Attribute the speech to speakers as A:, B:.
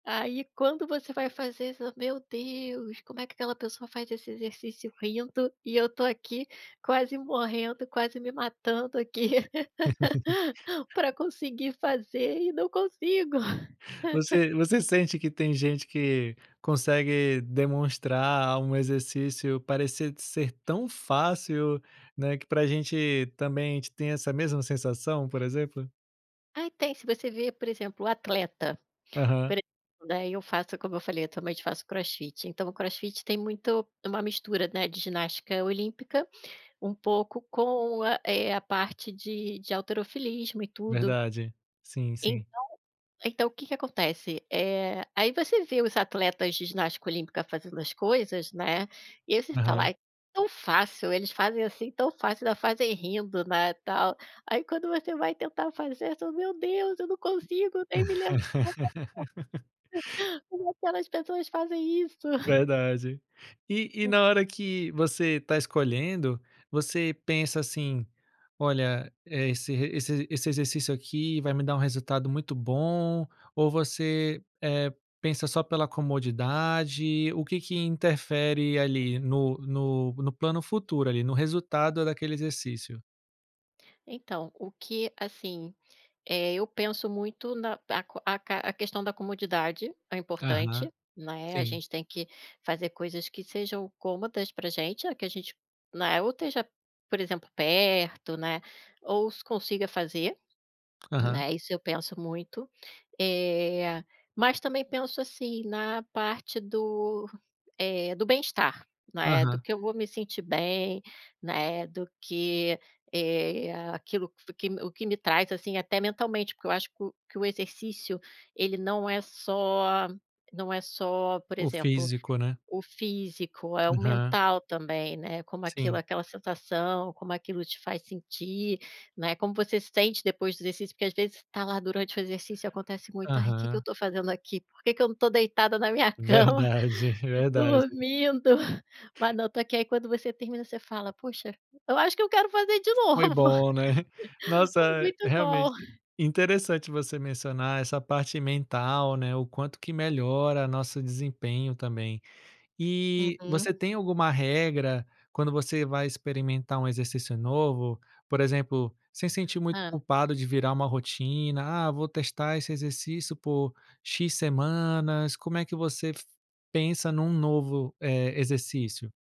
A: Aí quando você vai fazer fala: "Meu Deus, como é que aquela pessoa faz esse exercício rindo e eu tô aqui quase morrendo, quase me matando aqui pra conseguir fazer e não consigo".
B: Você você sente que tem gente que consegue demonstrar um exercício parecer ser tão fácil, né, que para a gente também a gente tem essa mesma sensação, por exemplo?
A: Ah, tem. Se você vir, por exemplo, o atleta,
B: Aham.
A: [unintelligible] daí eu faço, como eu falei, atualmente eu faço Crossfit, então o crossfit tem muito uma mistura, né, de ginástica olímpica, um pouco com, eh, a parte de de halterofilismo e tudo.
B: Verdade. Sim, sim.
A: Então, então o que que acontece? Eh, aí você vê os atletas de ginástica olímpica fazendo as coisas, né, e aí você fala:
B: Aham.
A: "Ai, tão fácil, eles fazem, assim, tão fácil, ainda fazem rindo, né, tal". Aí quando você vai tentar fazer, você fala: "Meu Deus, eu não consigo nem me [unintelligible] aquelas pessoas fazem isso?".
B: Verdade. E e na hora que você tá escolhendo, você pensa assim: "Olha, eh, esse re esse esse exercício aqui vai me dar um resultado muito bom" ou você, eh, pensa só pela comodidade? O que que interfere ali no no plano futuro ali, no resultado daquele exercício?
A: Então, o que, assim, eh, eu penso muito na aca aca a questão da comodidade é
B: Aham.
A: importante, né. A
B: Sim.
A: gente tem que fazer coisas que sejam cômodas pra gente, que a gente, né, ou esteja, por exemplo perto, né, ou se consiga fazer,
B: Aham.
A: né, isso eu penso muito. Eh, mas também penso, assim, na parte do, eh, do bem estar, né, do
B: Aham.
A: que eu vou me sentir bem, né, do que, eh, aquilo que f o que o que me traz, assim, até mentalmente, porque eu acho que o que o exercício ele não é só não é só, por
B: O
A: exemplo,
B: físico, né.
A: o físico, é o
B: Uham.
A: mental também, né, como aquilo,
B: Sim.
A: aquela sensação, como aquilo te faz sentir, né. Como você sente depois do exercício, porque às vezes tá lá durante o exercício e acontece muito "Ai, que que eu
B: Aham.
A: tô fazendo aqui, por que que eu não tô deitada na minha cama,
B: Verdade, verdade.
A: dormindo, mas não tô aqui", aí quando você termina você fala: "Puxa, eu acho que eu quero fazer de
B: Foi
A: novo.
B: bom, né.
A: Foi
B: Nossa,
A: muito bom".
B: realmente interessante você mencionar essa parte mental, né, o quanto que melhora nosso desempenho também. E você
A: Uhum.
B: tem alguma regra quando você vai experimentar um exercício novo? Por exemplo, sem sentir muito
A: Hã.
B: culpado de virar uma rotina "Ah, vou testar esse exercício por 'x' semanas", como é que você pensa num novo, eh, exercício?